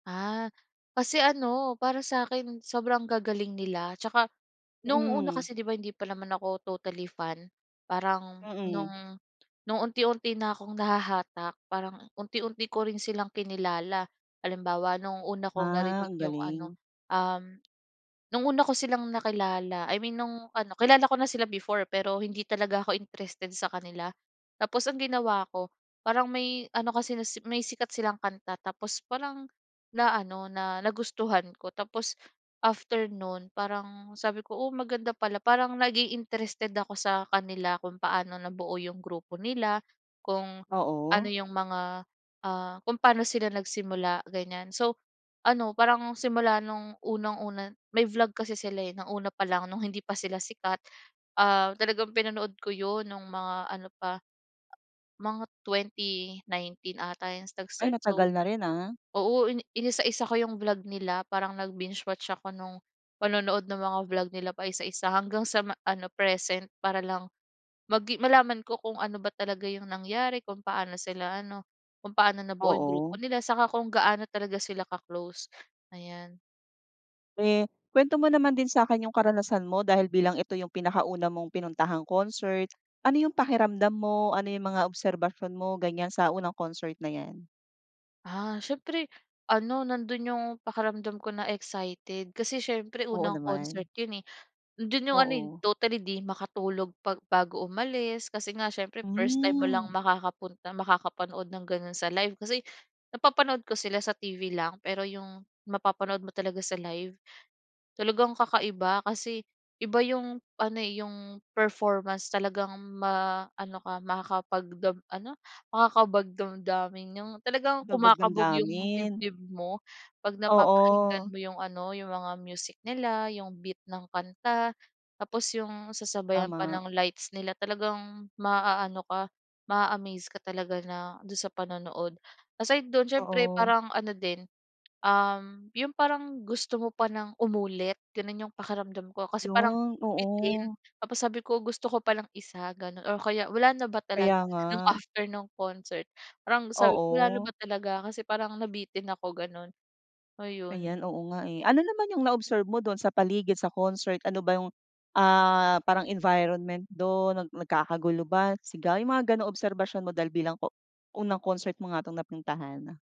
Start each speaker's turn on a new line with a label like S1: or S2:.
S1: Ah, kasi ano para sakin sobrang gagaling nila 'tsaka nung una
S2: Hmm.
S1: kasi di ba hindi pa naman ako totally fan parang
S2: Mm.
S1: nung, nung unti-unti na akong nahahatak parang unti-unti ko rin silang kinilala. Halimbawa nung una kong
S2: Ah,
S1: narinig
S2: ang
S1: yung ano,
S2: galing.
S1: um, nung una ko silang nakilala I mean nung ano, kilala ko na sila before pero hindi talaga ako interested sa kanila. Tapos ang ginawa ko parang may ano kasi may sikat silang kanta tapos parang na-ano na nagustuhan ko tapos after no'n parang sabi ko, "oh, maganda pala" parang naging interested ako sa kanila kung paano nabuo yung grupo nila, kung ano
S2: Oo.
S1: yung mga ah, kung paano sila nagsimula ganyan so ano parang simula nung unang-una May vlog kasi sila, eh, ng una pa lang nung hindi pa sila sikat, ah, talagang pinanood ko yun nung mga ano pa mga 2019 ata yung nag
S2: Ay,
S1: start. So,
S2: matagal na rin, ah.
S1: oo ini-inisa-isa ko yung vlog nila parang nag-binge-watch ako nung panonood ng mga vlog nila paisa-isa hanggang sa ma ano present para lang magi malaman ko kung ano ba talaga yung nangyari, kung paano sila ano, kung paano nabuo yung grupo
S2: Oo.
S1: nila 'saka kung gaano talaga sila ka-close, ayan.
S2: Eh, kuwento mo naman din sakin yung karanasan mo dahil bilang ito yung pinakauna mong pinuntahang concert, ano yung pakiramdam mo, ano yung mga obserbasyon mo ganyan sa unang concert na yan?
S1: Ah, siyempre ano nando'n yung pakiramdam ko na excited kasi siyempre
S2: Oo
S1: unang
S2: naman.
S1: concert yun, eh, nando'n yung ano, eh,
S2: Oo.
S1: totally di makatulog pag bago umalis kasi nga siyempre 1st time mo lang
S2: Hmm.
S1: makakapunta makakapanood ng gano'n sa live. Kasi napapanood ko sila sa TV lang pero yung mapapanood mo talaga sa live talagang kakaiba kasi iba yung ano yung performance talagang ma-ano ka makakapag dam ano, makakabagdamdamin yung talagang
S2: Bagbag
S1: kumakabog yung
S2: damdamin?
S1: dibdib mo pag napapakinggan
S2: Oo.
S1: mo yung ano yung mga music nila yung beat ng kanta tapos yung sasabayan pa
S2: Tama.
S1: ng lights nila talagang maaano ka ma a-amaze ka talaga na do'n sa panonood. Aside do'n siyempre
S2: Oo.
S1: parang ano din, um, yung parang gusto mo pa ng umulit gano'n yung pakiramdam ko kasi parang
S2: 'Yun,
S1: bitin
S2: oo.
S1: tapos sabi ko, "gusto ko pa nang 1" gano'n or kaya "wala na ba talaga?"
S2: Kaya nga.
S1: Nung after nung concert parang sabi ko, "wala na
S2: Oo.
S1: ba talaga? Kasi parang nabitin ako" gano'n, ayun.
S2: Ayan, oo nga, eh. Ano naman yung na-observe mo do'n sa paligid sa concert, ano ba yung, ah, parang environment do'n nag nagkakagulo ba, sigawan yung mga ganong obserbasyon mo dahil bilang o unang concert mo nga tong napuntahan?